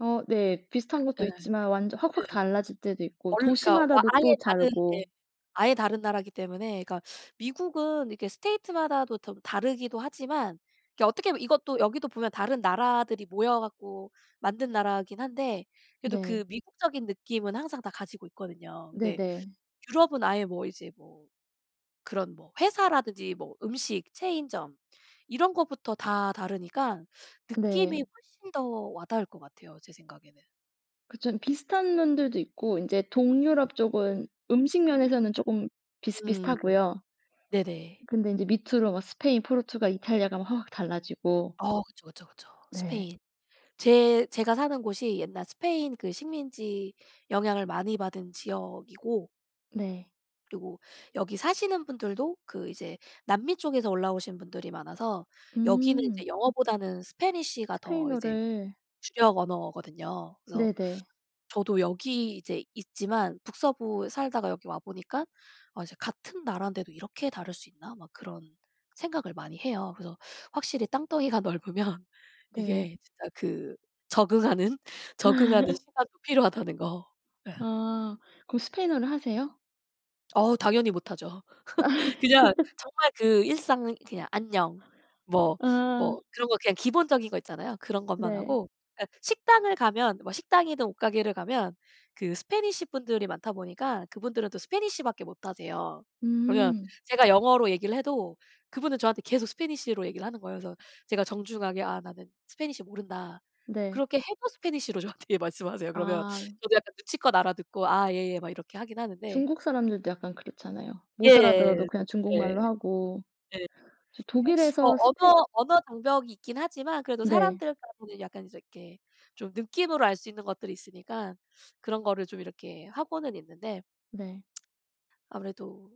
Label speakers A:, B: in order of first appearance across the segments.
A: 어 네. 비슷한
B: 예.
A: 것도
B: 네.
A: 있지만 완전 확확 달라질 때도 있고
B: 원 그러니까
A: 도시마다도 또
B: 아예 다른 예
A: 다르고.
B: 아예 다른 나라기 때문에 그니까 미국은 이렇게 state 마다도 텀 다르기도 하지만 이 어떻게 하면 이것도 여기도 보면 다른 나라들이 모여 갖고 만든 나라긴 한데 그래도 그
A: 네.
B: 미국적인 느낌은 항상 다 가지고 있거든요. 근데
A: 네네.
B: 유럽은 아예 뭐 이제 뭐 그런 뭐 회사라든지 뭐 음식, 체인점 이런 것부터 다 다르니까 느낌이
A: 네.
B: 훨씬 더 와 닿을 것 같아요 제 생각에는.
A: 그쵸. 비슷한 면들도 있고 인제 동유럽 쪽은 음식 면에서는 쪼금
B: 음.
A: 비슷비슷하고요.
B: 네네.
A: 근데 인제 밑으로 막 스페인, 포르투갈, 이탈리아 가면 확확 달라지고.
B: 어 그쵸, 그쵸, 그쵸.
A: 네.
B: 스페인. 제 제가 사는 곳이 옛날 스페인 그 식민지 영향을 많이 받은 지역이고
A: 네.
B: 그리고 여기 사시는 분들도 그 이제 남미 쪽에서 올라오신 분들이 많아서 여기는
A: 음.
B: 이제 영어보다는 Spanish가 더 이제
A: 스페인어를.
B: 주력 언어거든요. 그래서
A: 네네.
B: 저도 여기 이제 있지만 북서부에 살다가 여기 와 보니깐 어 이제 '같은 나라인데도 이렇게 다를 수 있나?' 막 그런 생각을 많이 해요. 그래서 확실히 땅덩이가 넓으면
A: 네.
B: 이게 진짜 그 적응하는, 적응하는 시간이 필요하다는 거. 예.
A: 아. 그럼 스페인어를 하세요?
B: 어우 당연히 못하죠. 그냥 정말 그 일상 그냥 '안녕.' 뭐
A: 아.
B: 뭐 그런 거 그냥 기본적인 거 있잖아요. 그런 것만
A: 네.
B: 하고. 예 식당을 가면 식당이든 옷 가게를 가면 그 Spanish 분들이 많다 보니까 그분들은 또 Spanish 밖에 못하세요. 그러면
A: 음.
B: 제가 영어로 얘기를 해도 그분은 저한테 계속 Spanish로 얘기를 하는 거예요. 그래서 제가 정중하게 "아 나는 Spanish 모른다."
A: 네.
B: 그렇게 해도 Spanish로 저한테 말씀하세요. 그러면
A: 아.
B: 저도 약간 눈치껏 알아듣고 "아 예예." 막 이렇게 하긴 하는데
A: 중국 사람들도 약간 그렇잖아요. 못 알아들어도
B: 예예. 누
A: 그냥
B: 예. 예.
A: 중국말로 하고.
B: 근데
A: 저
B: 어
A: 독일에서 스페
B: 언어, 언어 장벽이 있긴 하지만 그래도
A: 네.
B: 사람들하고는 약간 이렇게 좀 느낌으로 알 수 있는 것들이 있으니까 그런 거를 좀 이렇게 하고는 있는데
A: 네.
B: 아무래도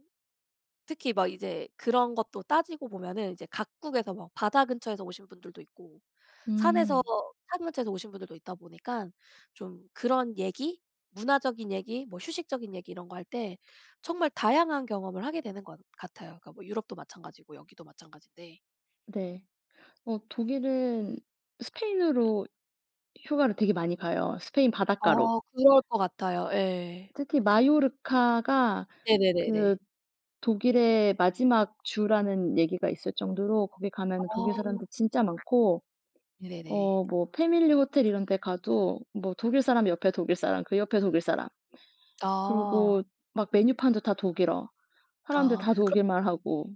B: 특히 막 이제 그런 것도 따지고 보면은 이제 각국에서 막 바다 근처에서 오신 분들도 있고 산에서
A: 음.
B: 뭐 산 근처에서 오신 분들도 있다 보니깐 좀 그런 얘기 문화적인 얘기 뭐 휴식적인 얘기 이런 거 할 때 정말 다양한 경험을 하게 되는 것 같아요. 뭐 유럽도 마찬가지고 여기도 마찬가진데.
A: 네. 어 독일은 스페인으로 휴가를 되게 많이 가요. 스페인 바닷가로.
B: 어 그럴 것 같아요. 예.
A: 특히 마요르카가 그
B: 네네네네.
A: 독일의 마지막 주라는 얘기가 있을 정도로 거기 가면은 독일
B: 어.
A: 사람들 진짜 많고
B: 네네네.
A: 어 뭐 패밀리 호텔 이런 데 가도 뭐 독일 사람 옆에 독일 사람 그 옆에 독일 사람
B: 아.
A: 그리고 막 메뉴판도 다 독일어 사람들
B: 아
A: 다
B: 그럼
A: 독일말 하고.